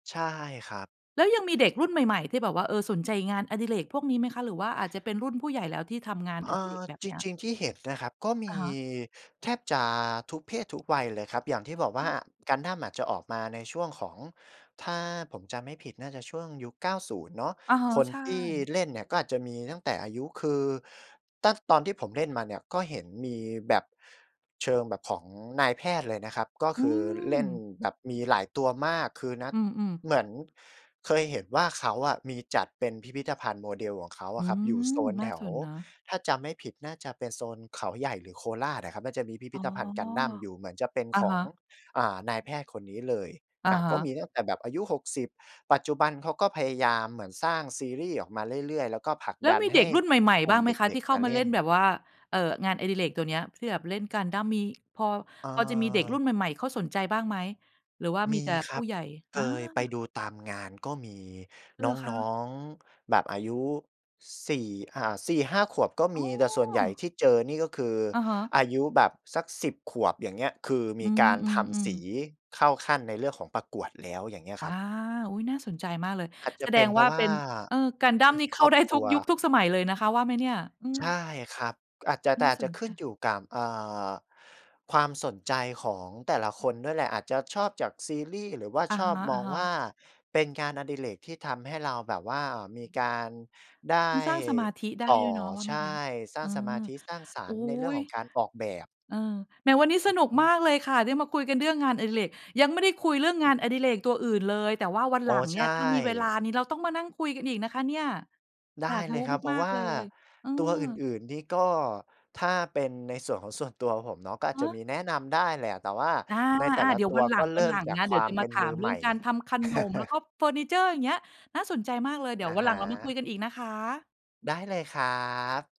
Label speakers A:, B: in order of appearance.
A: ใช่ครับ
B: แล้วยังมีเด็กรุ่นใหม่ ๆ ที่แบบว่า เออ สนใจงานอดิเรกพวกนี้ไหมคะ หรือว่าอาจจะเป็นรุ่นผู้ใหญ่แล้วที่ทำงาน
A: เ
B: อ
A: อ่
B: ดิเร
A: อ
B: กแบบ
A: จ
B: เนี้ย?
A: ริง ๆ ที่เห็นนะครับ ก็ม
B: อ
A: ี
B: ะฮะ
A: แทบจะทุกเพศทุกวัยเลยครับ อย่างที่บอกว่า Gundam อะจะออกมาในช่วงของ ถ้าผมจำไม่ผิดน่าจะช่วงยุค 90 เนาะ
B: อะฮะ
A: คน
B: ใช
A: ที่
B: ่
A: เล่นเนี่ย ก็อาจจะมีตั้งแต่อายุ คือตั้ง ตอนที่ผมเล่นมาเนี่ย ก็เห็นมีแบบเชิงแบบของนายแพทย์เลยนะครับ ก็
B: อ
A: ค
B: ื
A: ือเล่น
B: ม
A: แบบมีหลายตัวมาก คือนัด
B: อืม ๆ
A: เหมือนเคยเห็นว่า เขาอะมีจัดเป็นพิพิธภัณฑ์โมเดลของเขา
B: อ
A: อ
B: ื
A: ะครับ อยู่โ
B: ม
A: ซน
B: น
A: แ
B: ่า
A: ถ
B: ส
A: ว
B: นเนาะ
A: ถ้าจำไม่ผิดน่าจะเป็นโซนเขาใหญ่ หรือโคราชอะครับ น่าจะมีพิพ
B: อ๋
A: ิ
B: อ
A: ธภัณฑ์ Gundam อยู่เหมือนจะเป็น
B: อะ
A: ข
B: ฮ
A: อ
B: ะ
A: ง อ่า นายแพทย์คนนี้เลย
B: อ
A: อ
B: ะ
A: ่า
B: ฮ
A: ก็
B: ะ
A: มีตั้งแต่แบบอายุ 60 ปัจจุบันเขาก็พยายามเหมือนสร้างซีรี่ส์ออกมาเรื่อย ๆ แล้วก็ผลัก
B: แล้
A: ด
B: ว
A: ัน
B: มี
A: ใ
B: เ
A: ห
B: ด็
A: ้
B: กรุ่นใหม่
A: ก
B: ๆ
A: ลุ
B: บ
A: ่
B: ้
A: ม
B: างไห
A: เ
B: มคะ
A: ด็
B: ที
A: ก
B: ่เข
A: ๆ
B: ้
A: ม
B: า
A: า
B: ม
A: เ
B: า
A: ล
B: เล
A: ่
B: ่นแบ
A: น
B: บว่า เอ่อ งานอดิเรกตัวเนี้ย ที่แบบเล่น Gundam มี พอ
A: อ่
B: พอจะมีเด็กรุ่
A: า
B: นใหม่ ๆ เขาสนใจบ้างไหม หรือว่าม
A: ม
B: ี
A: ี
B: แต่
A: ค
B: ผ
A: ร
B: ู
A: ั
B: ้
A: บ
B: ใหญ่? อ
A: เคยไป
B: า
A: ดูตามงานก็มีน
B: เหรอคะ?
A: ้อง ๆ แบบอายุ 4 อ่า 4-5 ขวบก็
B: อ
A: ม
B: ๋อ
A: ี แต่ส่วนใหญ่ที่เจอนี่ ก็คือ
B: อะฮะ
A: อายุแบบสัก 10 ขวบอย่างเงี้ย คือม
B: อื
A: ีการทำส
B: อ
A: ี
B: ๆ ๆ
A: เข้าขั้น ในเรื่องของประกวดแล้ว อย่างเงี้ย
B: อ
A: คร
B: า
A: ับ
B: อุ๊ย น่าสนใจมากเลย
A: อาจจ
B: แส
A: ะเ
B: ด
A: ป็
B: ง
A: นเพ
B: ว
A: รา
B: ่า
A: ะว
B: เ
A: ่
B: ป็
A: า
B: น เอ่อ
A: อื
B: Gundam
A: ม
B: นี่เ
A: ค
B: ข้
A: ร
B: า
A: อบ
B: ได้
A: ค
B: ท
A: ร
B: ุ
A: ั
B: ก
A: ว
B: ยุคทุกสมัยเลยนะคะว่าไหมเนี่ย อื
A: ใช่
B: ม
A: ครับ อาจจะ
B: น
A: แต่
B: ่า
A: อาจ
B: ส
A: จ
B: น
A: ะข
B: ใจ
A: ึ้นอยู่กับ เอ่อ ความสนใจของแต่ละคนด้วยแหละ อาจจะชอบจากซีรีส์ หรือว่า
B: อะ
A: ชอ
B: ฮ
A: บมอง
B: ะ
A: ว่
B: ๆ
A: าเป็นการอดิเรก ที่ทำให้เราแบบว่ามีการได้
B: มันสร้างสมาธิได้
A: ต่
B: ด
A: อ
B: ้วยเนาะว่า
A: ใ
B: ไหม
A: ช
B: ค
A: ่
B: ะ
A: สร้
B: อื
A: างส
B: ม
A: มาธิ สร้างสร
B: อุ๊
A: รค์ในเรื่อง
B: ย
A: ของการออกแบบ
B: เออ แหมวันนี้
A: อ
B: ส
A: ือ
B: นุก
A: ฮ
B: มา
A: ึ
B: กเลยค่ะ ได้มาคุยกันเรื่องงานอดิเรก ยังไม่ได้คุยเรื่องงานอดิเรกตัวอื่นเลย แต่ว่าวัน
A: อ๋
B: หล
A: อ
B: ังเ
A: ใ
B: น
A: ช
B: ี่ย ถ้ามีเวลา
A: ่
B: นี้เราต้องมานั่งคุยกันอีกนะคะเนี่ย
A: ได้
B: อยาก
A: เล
B: รู้
A: ยครับ เพร
B: ม
A: าะ
B: าก
A: ว่
B: ๆ
A: า
B: เลย เออ
A: ตัวอื่น ๆ นี่ ก็ถ้าเป็นในส่วนของส่วนตัวผมเนาะ ก็อา
B: ฮ
A: จจะ
B: ะ
A: มีแนะนำได้แหละ แต่ว่า
B: อา
A: ในแต่ละ
B: ๆ เดี๋ย
A: ต
B: ว
A: ั
B: ว
A: ว
B: ันหล
A: ก็
B: ัง
A: เร
B: ว
A: ิ
B: ั
A: ่
B: น
A: ม
B: หลัง
A: จาก
B: นะ
A: ค
B: เดี
A: ว
B: ๋ย
A: า
B: ว
A: ม
B: จะ
A: เป
B: ม
A: ็
B: า
A: น
B: ถ
A: มื
B: าม
A: อ
B: เร
A: ให
B: ื
A: ม
B: ่
A: ่
B: องการทำขนม แล้วก็เฟอร์นิเชอร์อย่างเงี้ย น่าสนใจมากเลย เดี๋
A: อ
B: ยว
A: ะ
B: วัน
A: ฮ
B: หลังเรามาคุ
A: ะ
B: ยกันอีกนะคะ
A: ได้เลยครับ